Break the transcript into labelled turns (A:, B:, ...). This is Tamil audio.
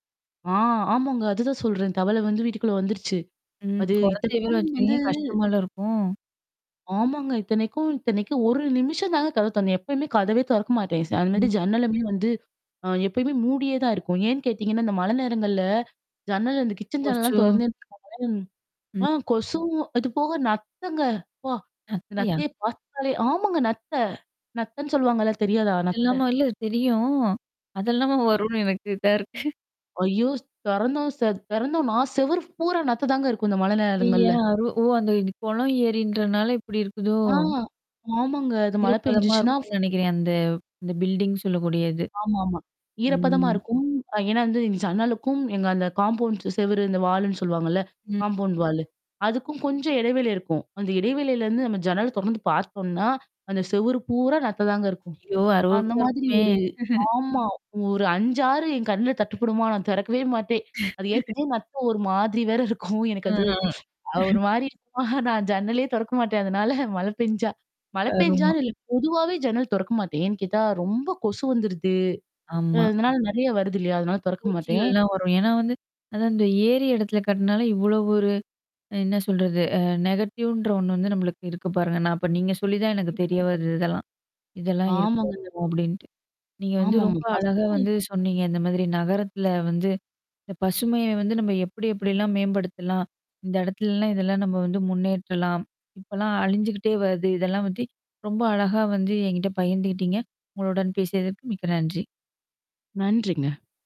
A: ஆ ஆமாங்க, அதுதான் சொல்றேன். தவளை வந்து வீட்டுக்குள்ள வந்துருச்சு.
B: ம்.
A: அது
B: குழந்தையே வேற
A: இத்தனைக்கும் வந்து
B: வச்சிருக்கீங்க, கஷ்டமால்ல இருக்கும்.
A: ஆமாங்க. இத்தனைக்கும் இத்தனைக்கும் 1 நிமிஷம் தாங்க கதவை தொறந்தேன். எப்பயுமே கதவே தொறக்க மாட்டேன். ச அது மாதிரி
B: ம்.
A: ஜன்னலுமே வந்து அ எப்பயுமே மூடியே தான் இருக்கும். ஏன்னு கேட்டீங்கன்னா, இந்த மழை நேரங்கள்ல ஜன்னல் அந்த கிச்சன்
B: கொசு.
A: ஜன்னல்லாம் தொறந்தேன் வச்சிக்கோங்களேன் ம். ஆ
B: ம்.
A: கொசுவும், அது போக நத்தைங்க. அப்பா!
B: நத்தையா?
A: நத்தையை பார்த்தாலே ஆமாங்க. நத்தை, நத்தைன்னு சொல்லுவாங்கல்ல. தெரியாதா
B: அது
A: நத்தை?
B: இல்லாம இல்ல, தெரியும். அதெல்லாமா
A: ஆ,
B: வரும்ன்னு எனக்கு இதா இருக்கு.
A: ஐயோ! ஸ் தொறந்தோம் செத் தெறந்தோமா, செவரு பூரா நத்ததாங்க இருக்கும் இந்த மழை
B: ஐய்யய்ய!
A: நேரங்கள்ல.
B: அரு ஓ! அந்த குளம், ஏரின்றதுனால இப்படி இருக்குதோ?
A: ஆ! ஆமாங்க. அது மழை
B: ஈரப்பதமா
A: பெஞ்சுச்சுன்னா
B: இருக்கும்ன்னு நெனைக்கிறேன், அந்த அந்த பில்டிங் சொல்லக்கூடியது.
A: ஆமாமா. ஈரப்பதமா
B: ம்.
A: இருக்கும். ஏன்னா வந்து இந்த ஜன்னலுக்கும், எங்க அந்த காம்பவுண்ட் செவுரு இந்த வாலுன்னு சொல்லுவாங்கல்ல,
B: ம்.
A: Compound wall. அதுக்கும் கொஞ்சம் இடைவெளி இருக்கும். அந்த இடைவெளியிலேருந்து நம்ம ஜன்னல் தொறந்து பார்த்தோம்னா, அந்த செவுரு பூரா நத்தைதாங்க இருக்கும்.
B: ஐயோ!
A: அந்த
B: அருவருப்பா
A: மாதிரி
B: இருக்குமே.
A: ஒரு, ஆமா ஒரு 5,6 என் கண்ணுல தட்டுப்படுமா, நான் திறக்கவே மாட்டேன். அது ஏற்கனவே நத்த ஒரு மாதிரி வேற இருக்கும். எனக்கு
B: அ.
A: அது ஒரு மாரி இருக்குமா, நான் ஜன்னலையே தொறக்க மாட்டேன், அதனால மழை பெஞ்சா மழை
B: கருமம்.
A: பெஞ்சான்னு இல்ல, பொதுவாவே ஜன்னல் தொறக்க மாட்டேன். ஏன் கேட்டா, ரொம்ப கொசு வந்துடுது. அ
B: ஆமா.
A: அதனால நெறைய வருது இல்லையா? அதனால தொறக்க மாட்டேன்.
B: பூச்சிகள்லாம் வரும். ஏன்னா வந்து, அதான் இந்த ஏரி இடத்துல கட்னாலே, இவ்வளோ ஒரு என்ன சொல்றது? அ நெகட்டிவ்ன்ற ஒண்ணு வந்து நம்பளுக்கு இருக்கு பாருங்க. நான் அப்ப நீங்க சொல்லி தான் எனக்கு
A: கண்டிப்பா.
B: தெரிய வருது, இதெல்லாம் இருக்கு
A: ஆமாங்க.
B: இருக்கும், அப்படீன்ட்டு. நீங்க வந்து
A: ஆமாமா.
B: ரொம்ப அழகா
A: ஃபஸ்டுக்கும் [unintelligible]
B: வந்து சொன்னீங்க. இந்த மாதிரி நகரத்தில வந்து, இந்த பசுமையை வந்து நம்ம எப்படி எப்படியெல்லாம் மேம்படுத்தலாம். இந்த இடத்துலல்லாம் இதெல்லாம் நம்ம வந்து முன்னேற்றலாம். இப்பல்லாம் அழிஞ்சுகிட்டே வருது. இதெல்லாம் பத்தி ரொம்ப அழகா வந்து என்கிட்ட பகிர்ந்துகிட்டீங்க உங்களுடன் பேசியதற்கு மிக்க நன்றி.
A: நன்றிங்க.